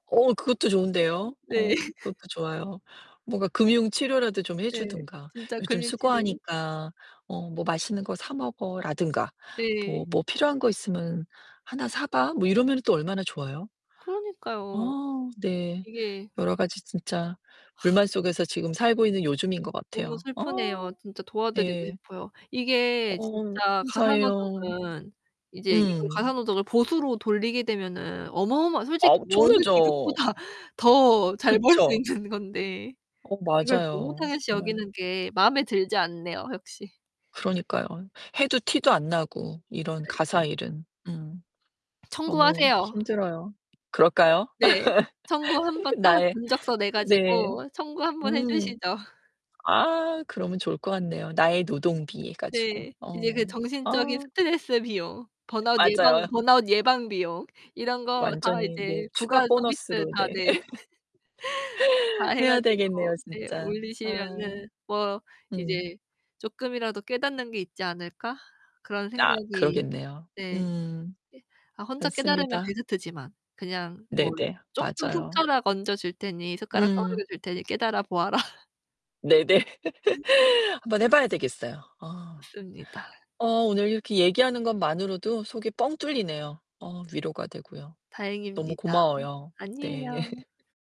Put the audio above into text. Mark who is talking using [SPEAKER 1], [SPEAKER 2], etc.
[SPEAKER 1] 어우, 그것도 좋은데요.
[SPEAKER 2] 네.
[SPEAKER 1] 어, 그것도 좋아요. 뭔가 금융 치료라도 좀 해
[SPEAKER 2] 네,
[SPEAKER 1] 주든가.
[SPEAKER 2] 진짜
[SPEAKER 1] "요즘
[SPEAKER 2] 금융 치료.
[SPEAKER 1] 수고하니까. 어 뭐 맛있는 거 사 먹어."라든가. 뭐
[SPEAKER 2] 네.
[SPEAKER 1] "뭐 필요한 거 있으면 하나 사 봐." 뭐 이러면은 또 얼마나 좋아요?
[SPEAKER 2] 그러니까요.
[SPEAKER 1] 어, 네.
[SPEAKER 2] 이게
[SPEAKER 1] 여러 가지 진짜 불만 속에서 지금 살고 있는 요즘인 것
[SPEAKER 2] 너무
[SPEAKER 1] 같아요. 어.
[SPEAKER 2] 슬프네요. 진짜 도와드리고
[SPEAKER 1] 네.
[SPEAKER 2] 싶어요. 이게
[SPEAKER 1] 어우,
[SPEAKER 2] 진짜 가사
[SPEAKER 1] 감사해요.
[SPEAKER 2] 노동은 이제 이거
[SPEAKER 1] 음.
[SPEAKER 2] 가사 노동을 보수로 돌리게 되면은 어마어마 솔직히 어느
[SPEAKER 1] 엄청나죠.
[SPEAKER 2] 직업보다 더 잘 벌 수
[SPEAKER 1] 그쵸.
[SPEAKER 2] 있는 건데.
[SPEAKER 1] 어,
[SPEAKER 2] 이걸 너무
[SPEAKER 1] 맞아요.
[SPEAKER 2] 당연시
[SPEAKER 1] 정말.
[SPEAKER 2] 여기는 게 마음에 들지 않네요, 역시.
[SPEAKER 1] 그러니까요. 해도 티도 안 나고. 이런
[SPEAKER 2] 아이, 그러니까.
[SPEAKER 1] 가사 일은. 음. 너무
[SPEAKER 2] 청구하세요.
[SPEAKER 1] 힘들어요. 그럴까요?
[SPEAKER 2] 네. 청구
[SPEAKER 1] 이
[SPEAKER 2] 한번
[SPEAKER 1] 그
[SPEAKER 2] 하고
[SPEAKER 1] 나의
[SPEAKER 2] 견적서 내
[SPEAKER 1] 네.
[SPEAKER 2] 가지고 청구 한번 해
[SPEAKER 1] 음.
[SPEAKER 2] 주시죠.
[SPEAKER 1] 아, 그러면 좋을 것 같네요. 나의 노동비 해 가지고.
[SPEAKER 2] 네. 이제
[SPEAKER 1] 어.
[SPEAKER 2] 그 정신적인
[SPEAKER 1] 아.
[SPEAKER 2] 스트레스 비용, 번아웃 예방
[SPEAKER 1] 맞아요.
[SPEAKER 2] 번아웃 예방 비용, 이런 거 다
[SPEAKER 1] 완전히 네,
[SPEAKER 2] 이제
[SPEAKER 1] 추가
[SPEAKER 2] 부가 서비스.
[SPEAKER 1] 보너스로
[SPEAKER 2] 다.
[SPEAKER 1] 네.
[SPEAKER 2] 네. 다 해
[SPEAKER 1] 해야
[SPEAKER 2] 가지고
[SPEAKER 1] 되겠네요,
[SPEAKER 2] 예
[SPEAKER 1] 진짜. 아.
[SPEAKER 2] 올리시면은 뭐
[SPEAKER 1] 음.
[SPEAKER 2] 이제 '쪼끔이라도 깨닫는 게 있지 않을까?' 그런
[SPEAKER 1] 아,
[SPEAKER 2] 생각이.
[SPEAKER 1] 그러겠네요.
[SPEAKER 2] 네.
[SPEAKER 1] 음.
[SPEAKER 2] 이 아 혼자 깨달으면
[SPEAKER 1] 맞습니다.
[SPEAKER 2] 베스트지만. 그냥 뭐
[SPEAKER 1] 네네.
[SPEAKER 2] 쪼끔
[SPEAKER 1] 맞아요.
[SPEAKER 2] 숟가락 얹어 줄 테니 숟가락 떠
[SPEAKER 1] 음.
[SPEAKER 2] 막여 줄 테니 깨달아 보아라.
[SPEAKER 1] 네네. 한번 해 봐야 되겠어요. 어.
[SPEAKER 2] 좋습니다.
[SPEAKER 1] 어, 오늘 이렇게 얘기하는 것만으로도 속이 뻥 뚫리네요. 어, 위로가 되고요. 너무
[SPEAKER 2] 다행입니다.
[SPEAKER 1] 고마워요. 네.
[SPEAKER 2] 아니에요.